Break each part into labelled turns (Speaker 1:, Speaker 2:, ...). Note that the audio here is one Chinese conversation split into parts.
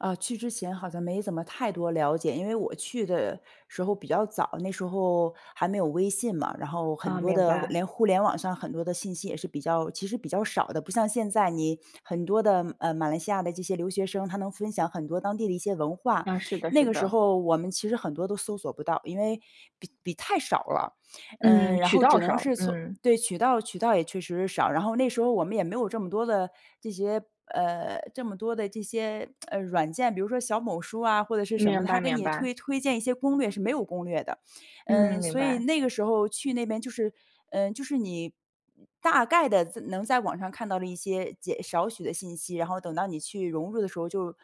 Speaker 1: 呃，去之前好像没怎么太多了解，因为我去的时候比较早，那时候还没有微信嘛，然后很
Speaker 2: 哦，
Speaker 1: 多
Speaker 2: 明
Speaker 1: 的
Speaker 2: 白。
Speaker 1: 连互联网上很多的信息也是比较其实比较少的，不像现在你很多的，呃，马来西亚的这些留学生，他能分享很多当地的一些文化。
Speaker 2: 啊，是的
Speaker 1: 那
Speaker 2: 是
Speaker 1: 个时
Speaker 2: 的。
Speaker 1: 候我们其实很多都搜索不到，因为比比太少了。
Speaker 2: 嗯，
Speaker 1: 嗯，然
Speaker 2: 渠
Speaker 1: 后
Speaker 2: 道
Speaker 1: 只能
Speaker 2: 上，
Speaker 1: 是从
Speaker 2: 嗯。
Speaker 1: 对，渠道渠道也确实少，然后那时候我们也没有这么多的这些呃，这么多的这些，呃，软件，比如说小某书啊，或者是什么，
Speaker 2: 明
Speaker 1: 它
Speaker 2: 白
Speaker 1: 给
Speaker 2: 明
Speaker 1: 你
Speaker 2: 白。
Speaker 1: 推推荐一些攻略，是没有攻略的。
Speaker 2: 嗯，
Speaker 1: 嗯，
Speaker 2: 明
Speaker 1: 所以
Speaker 2: 白。
Speaker 1: 那个时候去那边就是嗯，就是你大概地在能在网上看到的一些简少许的信息，然后等到你去融入的时候，就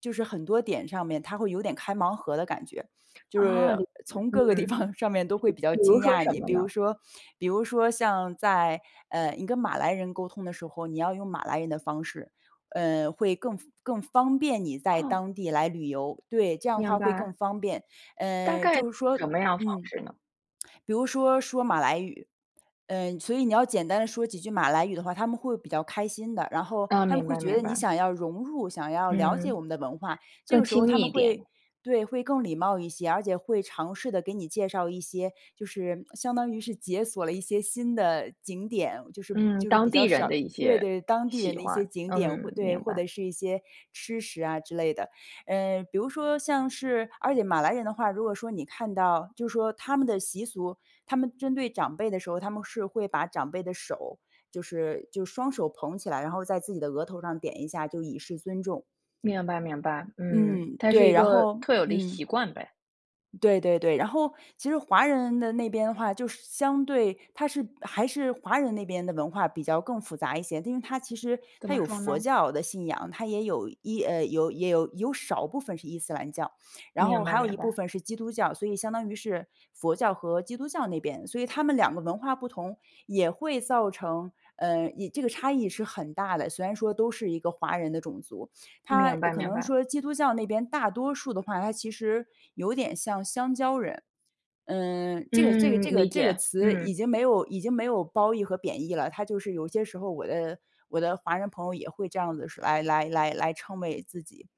Speaker 1: 就是很多点上面他会有点开盲盒的感觉。就
Speaker 2: 啊，
Speaker 1: 是
Speaker 2: 理解，
Speaker 1: 从各个地
Speaker 2: 嗯，
Speaker 1: 方，上面都
Speaker 2: 比
Speaker 1: 会
Speaker 2: 如
Speaker 1: 比较
Speaker 2: 比如
Speaker 1: 惊
Speaker 2: 说
Speaker 1: 讶
Speaker 2: 什
Speaker 1: 你，
Speaker 2: 么
Speaker 1: 比
Speaker 2: 呢？
Speaker 1: 如说比如说像在，呃，你跟马来人沟通的时候，你要用马来人的方式，呃，会更方更方便你在
Speaker 2: 哦。
Speaker 1: 当地来旅游，对，这样的
Speaker 2: 明
Speaker 1: 话会更
Speaker 2: 白。
Speaker 1: 方便。
Speaker 2: 大
Speaker 1: 嗯，
Speaker 2: 概是
Speaker 1: 就是说
Speaker 2: 什么样方
Speaker 1: 嗯，
Speaker 2: 式呢？
Speaker 1: 比如说说马来语，嗯，所以你要简单地说几句马来语的话，他们会比较开心的，然后
Speaker 2: 嗯，
Speaker 1: 他们
Speaker 2: 明
Speaker 1: 会
Speaker 2: 白
Speaker 1: 觉得
Speaker 2: 明
Speaker 1: 你
Speaker 2: 白。
Speaker 1: 想要融入，想要了解
Speaker 2: 嗯。
Speaker 1: 我们的文化。这
Speaker 2: 更
Speaker 1: 个时候
Speaker 2: 亲
Speaker 1: 他
Speaker 2: 密
Speaker 1: 们
Speaker 2: 一
Speaker 1: 会
Speaker 2: 点。
Speaker 1: 对，会更礼貌一些，而且会尝试地给你介绍一些，就是相当于是解锁了一些新的景点，就是
Speaker 2: 嗯，
Speaker 1: 就是比
Speaker 2: 当
Speaker 1: 较
Speaker 2: 地人
Speaker 1: 少
Speaker 2: 的一
Speaker 1: 对
Speaker 2: 些
Speaker 1: 对，当地人
Speaker 2: 喜
Speaker 1: 的一些
Speaker 2: 欢，
Speaker 1: 景点，会
Speaker 2: 嗯，
Speaker 1: 对，
Speaker 2: 明
Speaker 1: 或
Speaker 2: 白。
Speaker 1: 者是一些吃食啊之类的。嗯，比如说像是而且马来人的话，如果说你看到就说他们的习俗，他们针对长辈的时候，他们是会把长辈的手，就是就双手捧起来，然后在自己的额头上点一下，就以示尊重。
Speaker 2: 明白明白，嗯，
Speaker 1: 嗯，
Speaker 2: 它是
Speaker 1: 对，
Speaker 2: 一
Speaker 1: 然
Speaker 2: 个
Speaker 1: 后
Speaker 2: 特有的一
Speaker 1: 嗯。
Speaker 2: 习惯呗。
Speaker 1: 对对对，然后其实华人的那边的话就是相对它是还是华人那边的文化比较更复杂一些，它因为它其实
Speaker 2: 怎
Speaker 1: 它
Speaker 2: 么
Speaker 1: 有
Speaker 2: 说
Speaker 1: 佛
Speaker 2: 呢？
Speaker 1: 教的信仰，它也有一呃，有也有有少部分是伊斯兰教，然后
Speaker 2: 明白
Speaker 1: 还有
Speaker 2: 明
Speaker 1: 一部
Speaker 2: 白。
Speaker 1: 分是基督教。所以，相当于是佛教和基督教那边。所以它们2个文化不同也会造成，呃，异这个差异是很大的，虽然说都是一个华人的种族。它
Speaker 2: 明白
Speaker 1: 可
Speaker 2: 明
Speaker 1: 能
Speaker 2: 白。
Speaker 1: 说基督教那边大多数的话，它其实有点像香蕉人，嗯，这个这个这
Speaker 2: 嗯，
Speaker 1: 个
Speaker 2: 理
Speaker 1: 这个
Speaker 2: 解，
Speaker 1: 词已
Speaker 2: 嗯。
Speaker 1: 经没有已经没有褒义和贬义了，它就是有些时候，我的我的华人朋友也会这样子是来来来来称谓自己。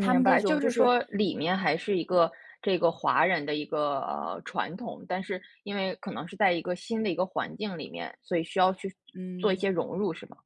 Speaker 1: 他们这
Speaker 2: 白，
Speaker 1: 种
Speaker 2: 就
Speaker 1: 就
Speaker 2: 是
Speaker 1: 是
Speaker 2: 说里面还是一个这个华人的一个传统，但是因为可能是在一个新的一个环境里面，所以需要去做一
Speaker 1: 嗯。
Speaker 2: 些融入是吗？